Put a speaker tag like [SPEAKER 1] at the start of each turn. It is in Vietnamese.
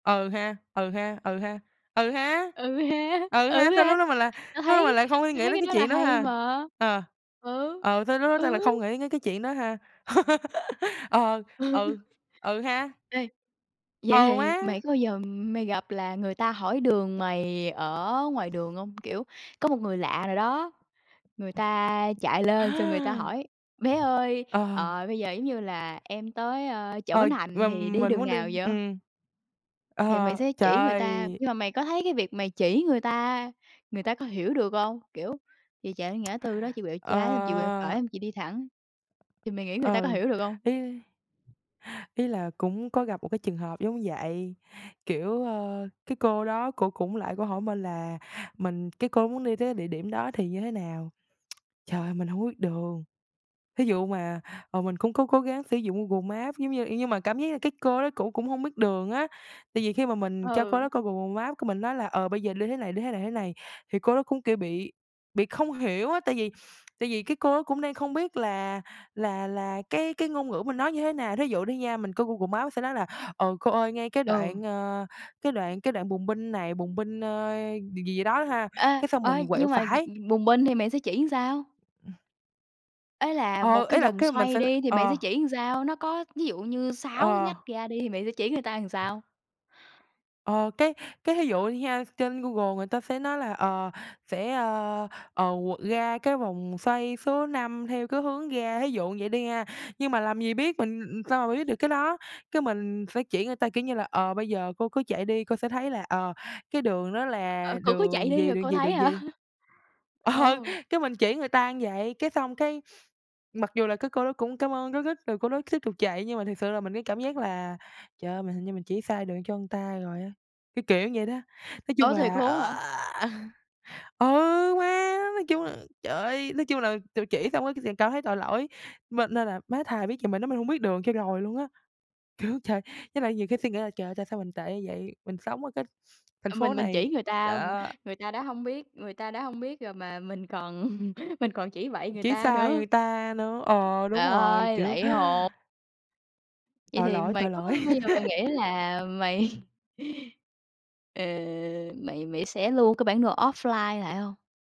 [SPEAKER 1] Ừ ha, ừ ha, ừ ha, ừ ha,
[SPEAKER 2] Ừ ha,
[SPEAKER 1] ừ
[SPEAKER 2] ừ
[SPEAKER 1] ha, sao
[SPEAKER 2] ha,
[SPEAKER 1] lúc đó mình lại
[SPEAKER 2] tao
[SPEAKER 1] lúc đó mình
[SPEAKER 2] thấy
[SPEAKER 1] lại không suy
[SPEAKER 2] tao
[SPEAKER 1] nghĩ
[SPEAKER 2] thấy
[SPEAKER 1] đến
[SPEAKER 2] cái
[SPEAKER 1] cái
[SPEAKER 2] đó là
[SPEAKER 1] chuyện đó
[SPEAKER 2] hay
[SPEAKER 1] ha?
[SPEAKER 2] mà.
[SPEAKER 1] Ờ,
[SPEAKER 2] Ừ,
[SPEAKER 1] ờ, sao lúc đó tao lại
[SPEAKER 2] ừ.
[SPEAKER 1] không nghĩ đến cái cái chuyện đó ha? Ờ, ừ, ừ ha.
[SPEAKER 2] Ê, vậy
[SPEAKER 1] Ờ,
[SPEAKER 2] thì
[SPEAKER 1] má.
[SPEAKER 2] mày có bao giờ mày gặp là người ta hỏi đường mày ở ngoài đường hông? Kiểu, có một người lạ nào đó, người
[SPEAKER 1] Ừm.
[SPEAKER 2] ta chạy lên xong người ta
[SPEAKER 1] À.
[SPEAKER 2] hỏi: "Bé ơi,
[SPEAKER 1] Ờ.
[SPEAKER 2] ờ, bây giờ giống như là em tới, ơ, chợ
[SPEAKER 1] Ờ,
[SPEAKER 2] Bến Thành
[SPEAKER 1] mà
[SPEAKER 2] thì đi
[SPEAKER 1] mình
[SPEAKER 2] đường
[SPEAKER 1] muốn
[SPEAKER 2] nào
[SPEAKER 1] đi,
[SPEAKER 2] vậy?"
[SPEAKER 1] ừm.
[SPEAKER 2] Thì mày
[SPEAKER 1] Ờ,
[SPEAKER 2] sẽ
[SPEAKER 1] trời
[SPEAKER 2] chỉ người ta,
[SPEAKER 1] ơi.
[SPEAKER 2] nhưng mà mày có thấy cái việc mày chỉ người ta, người ta có hiểu được hông? Kiểu: "Chị chạy đến ngã tư đó, chị quẹo
[SPEAKER 1] Ờ
[SPEAKER 2] trái, xong chị quẹo phải, xong chị đi thẳng", thì mày nghĩ người ta có
[SPEAKER 1] Ừ,
[SPEAKER 2] hiểu được hông?
[SPEAKER 1] ý Ý là cũng có gặp một cái trường hợp giống vậy, kiểu, ơ, cái cô đó cổ cũng lại cổ hỏi mình là mình cái cô muốn đi tới cái địa điểm đó thì như thế nào. Trời ơi, mình hông có biết đường. Thí dụ mà, ờ, mình cũng có cố gắng sử dụng Google Maps giống như ê, nhưng mà cảm giác là cái cô đó cổ cũng hông biết đường á, tại vì khi mà mình cho cô
[SPEAKER 2] Ừ.
[SPEAKER 1] đó coi Google Maps, cái mình nói là: "Ờ, bây giờ đi thế này, đi thế này, thế này." Thì cô đó cũng, kiểu, bị bị không hiểu á, tại vì tại vì cái cô đó cũng đang không biết là là là cái cái ngôn ngữ mình nói như thế nào, thí dụ đi nha, mình coi Google Maps sẽ nói là: "Ờ, cô ơi, ngay cái
[SPEAKER 2] Ừ.
[SPEAKER 1] đoạn, ờ, cái đoạn cái đoạn bùng binh này, bùng binh, ơ, gì gì đó ha,
[SPEAKER 2] Ê,
[SPEAKER 1] cái xong
[SPEAKER 2] ơ,
[SPEAKER 1] mình quẹo
[SPEAKER 2] nhưng mà gì
[SPEAKER 1] phải."
[SPEAKER 2] bùng binh thì mày sẽ chỉ sao?
[SPEAKER 1] Ừm.
[SPEAKER 2] Ý là một
[SPEAKER 1] Ờ,
[SPEAKER 2] cái
[SPEAKER 1] ý là
[SPEAKER 2] vòng
[SPEAKER 1] cái mình
[SPEAKER 2] xoay
[SPEAKER 1] sẽ
[SPEAKER 2] đi, thì mày sẽ
[SPEAKER 1] ờ.
[SPEAKER 2] chỉ làm sao? Nó có, ví dụ như, 6 cái
[SPEAKER 1] Ờ.
[SPEAKER 2] ngách ra đi, thì mày sẽ chỉ người ta làm sao?
[SPEAKER 1] Ờ, cái cái thí dụ đi ha, trên Google người ta sẽ nói là, ờ, sẽ, ơ, ờ, qu ra cái vòng xoay số 5 theo cái hướng ra, thí dụ vậy đi ha, nhưng mà làm gì biết mình, ừm, sao mà biết được cái đó, cái, mình sẽ chỉ người ta kiểu như là: "Ờ, bây giờ cô cứ chạy đi, cô sẽ thấy là, ờ, cái đường đó là
[SPEAKER 2] Ờ, cổ cứ chạy
[SPEAKER 1] đường
[SPEAKER 2] đi
[SPEAKER 1] gì,
[SPEAKER 2] rồi
[SPEAKER 1] đường
[SPEAKER 2] cô
[SPEAKER 1] gì,
[SPEAKER 2] thấy
[SPEAKER 1] đường
[SPEAKER 2] hả?
[SPEAKER 1] gì." Ờ,
[SPEAKER 2] Ồ.
[SPEAKER 1] cái mình chỉ người ta như vậy, cái xong cái mặc dù là cái cô đó cũng cám ơn rối rít rồi cô đó tiếp tục chạy nhưng mà thiệt sự là mình, cái cảm giác là, trời ơi, mình hình như mình chỉ sai đường cho người ta rồi á, cái kiểu vậy đó. Nói chung
[SPEAKER 2] Ủa, thiệt
[SPEAKER 1] là,
[SPEAKER 2] luôn á hả?
[SPEAKER 1] ừ, má, nói chung là, trời ơi, nói chung là tự chỉ xong cái liền cảm thấy tội lỗi, m nên là, má, thà biết vậy mình nói mình hông biết đường cho rồi luôn á. Kiểu, trời, với lại nhiều khi suy nghĩ là trời ơi tại sao mình tệ như vậy, mình sống ở cái thành
[SPEAKER 2] À,
[SPEAKER 1] phố
[SPEAKER 2] mình mình
[SPEAKER 1] này
[SPEAKER 2] chỉ người ta, ừm,
[SPEAKER 1] đó.
[SPEAKER 2] người ta đã hông biết người ta đã hông biết rồi mà mình còn mình còn chỉ bậy người
[SPEAKER 1] Chỉ
[SPEAKER 2] ta
[SPEAKER 1] sai
[SPEAKER 2] nữa.
[SPEAKER 1] người ta nữa, ờ,
[SPEAKER 2] Trời
[SPEAKER 1] đúng rồi,
[SPEAKER 2] ơi,
[SPEAKER 1] kiểu.
[SPEAKER 2] lạy hồn! Vậy
[SPEAKER 1] Tội
[SPEAKER 2] thì
[SPEAKER 1] lỗi,
[SPEAKER 2] mày
[SPEAKER 1] tội
[SPEAKER 2] có
[SPEAKER 1] lỗi.
[SPEAKER 2] bao giờ mày nghĩ là mày ờ, mày mày sẽ lưu cái bản đồ offline lại hông?